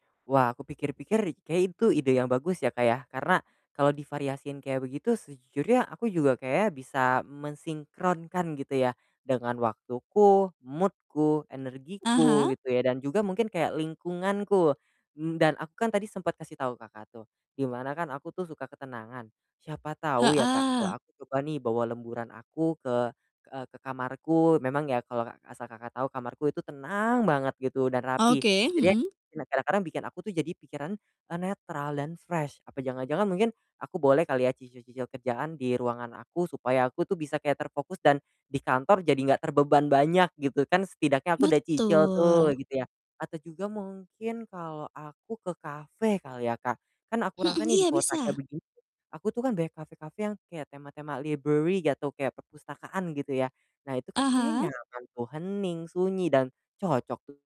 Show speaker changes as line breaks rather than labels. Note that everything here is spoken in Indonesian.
Wah, aku pikir-pikir i kayaknya itu ide yang bagus ya, Kak, ya, karena kalau divariasiin kayak begitu sejujurnya aku juga kayaknya bisa mensinkronkan gitu ya dengan waktuku, mood-ku,
Ah
energiku,
hah.
gitu ya, dan juga mungkin kayak lingkunganku. Mmm, dan aku kan tadi sempat kasih tahu Kakak tuh, di mana kan aku tuh suka ketenangan, siapa tahu ya Kak, kalau
Heeh.
aku coba nih bawa lemburan aku ke, e ke kamarku, memang ya kalau a asal Kakak tahu, kamarku itu tenang banget gitu, dan rapi.
Oke,
Jadinya
mhm.
memang kadang-kadang bikin aku tuh jadi pikiran, e netral dan fresh. Apa jangan-jangan mungkin aku boleh kali ya cicil-cicil kerjaan di ruangan aku, supaya aku tuh bisa kayak terfokus dan di kantor jadi enggak terbeban banyak, gitu kan setidaknya aku udah cicil
Betul.
tuh gitu ya, atau juga mungkin kalau aku ke kafe kali ya Kak, kan aku
Mhm,
rasa nih
iya
di kota kayak
bisa.
begini, aku tuh kan banyak kafe-kafe yang kayak tema-tema library nggak tuh, kayak perpustakaan gitu ya. Nah, itu kan
Ah
kayaknya
hah?
nyaman tuh, hening, sunyi, dan cocok tuh.